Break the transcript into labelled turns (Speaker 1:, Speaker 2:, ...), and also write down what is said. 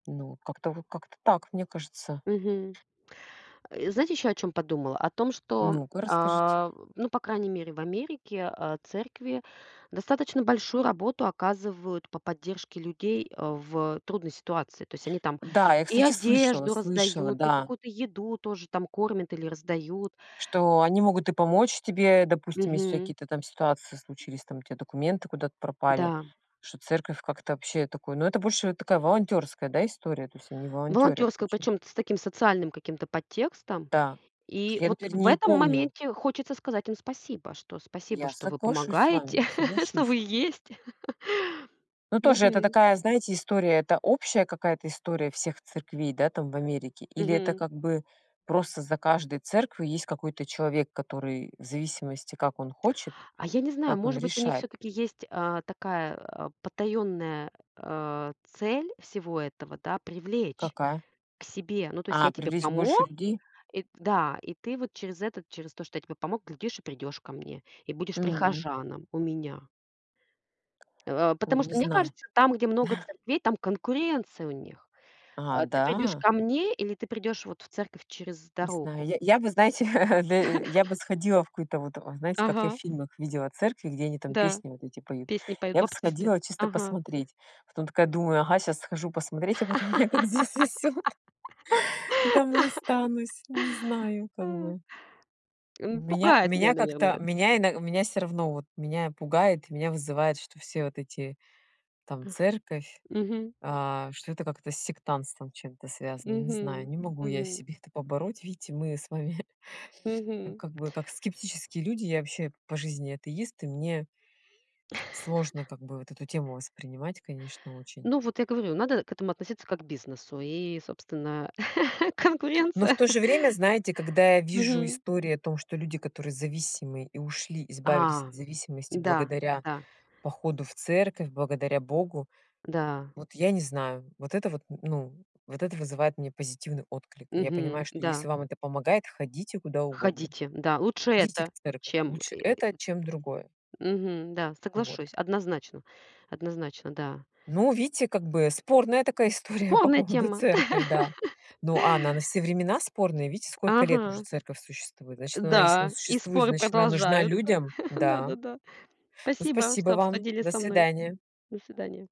Speaker 1: Ну, как-то вот как-то так, мне кажется.
Speaker 2: Мгм. Э, знаете еще о чём подумала? О том, что,
Speaker 1: Ну-ка, расскажите.
Speaker 2: а, ну, по крайней мере, в Америке, а, церкви достаточно большую работу оказывают по поддержке людей, э, в трудной ситуации. То есть они там
Speaker 1: Да, я,
Speaker 2: и
Speaker 1: кстати, слышала.
Speaker 2: одежду
Speaker 1: Слышала,
Speaker 2: раздают, и
Speaker 1: да
Speaker 2: какую-то еду тоже там, кормят или раздают.
Speaker 1: что они могут и помочь тебе, допустим, если у тя
Speaker 2: Мгм.
Speaker 1: какие-то там ситуации случились, там у тя документы куда-то пропали.
Speaker 2: Да.
Speaker 1: Что церковь как-то вообще такое Но это больше такая волонтерская, да, история, то есть они волонтерят
Speaker 2: Волонтерская,
Speaker 1: очень.
Speaker 2: причем т с таким социальным каким-то подтекстом.
Speaker 1: Да. Потому
Speaker 2: И
Speaker 1: что я,
Speaker 2: вот
Speaker 1: например,
Speaker 2: в
Speaker 1: не
Speaker 2: этом
Speaker 1: помню
Speaker 2: моменте хочется сказать им: "Спасибо, что спасибо,
Speaker 1: Я
Speaker 2: что вы
Speaker 1: соглашусь с
Speaker 2: помогаете,
Speaker 1: вами,
Speaker 2: что
Speaker 1: соглашусь.
Speaker 2: вы есть."
Speaker 1: Но тоже это
Speaker 2: Мгм.
Speaker 1: такая, знаете, история. Это общая какая-то история всех церквей, да, там, в Америке? Или это
Speaker 2: Мгм.
Speaker 1: как бы просто за каждой церковью есть какой-то человек, который, в зависимости, как он хочет,
Speaker 2: А я не знаю,
Speaker 1: как он
Speaker 2: может быть, у них
Speaker 1: решает?
Speaker 2: всё-таки есть, а, такая, а, потаённая, а, цель всего этого, да: привлечь
Speaker 1: Какая?
Speaker 2: к себе. Ну, то есть
Speaker 1: А,
Speaker 2: я тебе
Speaker 1: привлечь больше
Speaker 2: помог,
Speaker 1: людей?
Speaker 2: и Да, и ты вот через этот через то, что я тебе помог, глядишь и придешь ко мне, и будешь
Speaker 1: М.
Speaker 2: прихожаном у меня. А,
Speaker 1: Ой,
Speaker 2: потому
Speaker 1: не
Speaker 2: что мне
Speaker 1: знаю.
Speaker 2: кажется, там, где много церквей, там конкуренция у них.
Speaker 1: А,
Speaker 2: А, ты придешь
Speaker 1: да?
Speaker 2: ко мне или ты придешь вот в церковь через
Speaker 1: Не знаю.
Speaker 2: дорогу?
Speaker 1: Я я бы, знаете, да я бы сходила в какую-то вот Знаете, как я в
Speaker 2: Ага.
Speaker 1: фильмах видела церкви, где они там
Speaker 2: Да.
Speaker 1: песни вот эти поют.
Speaker 2: Песни поют
Speaker 1: Я бы
Speaker 2: баптисты.
Speaker 1: сходила чисто
Speaker 2: Ага.
Speaker 1: посмотреть. Потом такая думаю: ага, щас схожу посмотреть, а потом меня как засосет, и там и останусь. Не знаю как бы.
Speaker 2: М,
Speaker 1: Меня
Speaker 2: пугает
Speaker 1: меня
Speaker 2: меня, наверно,
Speaker 1: как-то
Speaker 2: эт
Speaker 1: меня ино у меня всё равно вот меня пугает, меня вызывает, что все вот эти там
Speaker 2: Ах.
Speaker 1: церковь,
Speaker 2: Мгм.
Speaker 1: а, что это как-то с сектантством чем-то связано. Не знаю,
Speaker 2: Мгм,
Speaker 1: не могу я
Speaker 2: мгм.
Speaker 1: себе это побороть, видите, мы с вами
Speaker 2: Мгм.
Speaker 1: как бы как скептические люди. Я вообще по жизни атеист, и мне сложно как бы вот эту тему воспринимать, конечно, очень.
Speaker 2: Ну, вот я говорю, надо к этому относиться как бизнесу и, собственно,
Speaker 1: Но в
Speaker 2: конкуренция.
Speaker 1: то же время, знаете, когда я вижу
Speaker 2: Мгм.
Speaker 1: истории о том, что люди, которые зависимые и ушли, избавились от
Speaker 2: А,
Speaker 1: зависимости
Speaker 2: да,
Speaker 1: благодаря
Speaker 2: да.
Speaker 1: походу в церковь, благодаря Богу,
Speaker 2: Да.
Speaker 1: вот я не знаю. Вот это вот, н ну, вот это вызывает мне позитивный отклик. Я
Speaker 2: Мгм,
Speaker 1: понимаю, что если
Speaker 2: да.
Speaker 1: вам это помогает, ходите куда угодно.
Speaker 2: Ходите. Да. Лучше
Speaker 1: Идите в
Speaker 2: это,
Speaker 1: церковь.
Speaker 2: чем
Speaker 1: Лучше это, чем другое.
Speaker 2: Мгм. Да,
Speaker 1: Вот.
Speaker 2: соглашусь. Однозначно однозначно, да.
Speaker 1: Ну, видите, как бы спорная такая история по
Speaker 2: Спорная
Speaker 1: поводу
Speaker 2: тема.
Speaker 1: церкви, да. Ну, а она на все времена спорная. Видите, сколько лет уже
Speaker 2: Ага.
Speaker 1: церковь существует. Значит, она если она
Speaker 2: Да, и
Speaker 1: существует,
Speaker 2: споры
Speaker 1: значит она нужна
Speaker 2: продолжаются.
Speaker 1: людям. Да.
Speaker 2: Да-да-да.
Speaker 1: Ну,
Speaker 2: Спасибо,
Speaker 1: спасибо
Speaker 2: что
Speaker 1: вам.
Speaker 2: обсудили
Speaker 1: До
Speaker 2: со мной.
Speaker 1: свидания.
Speaker 2: До свидания.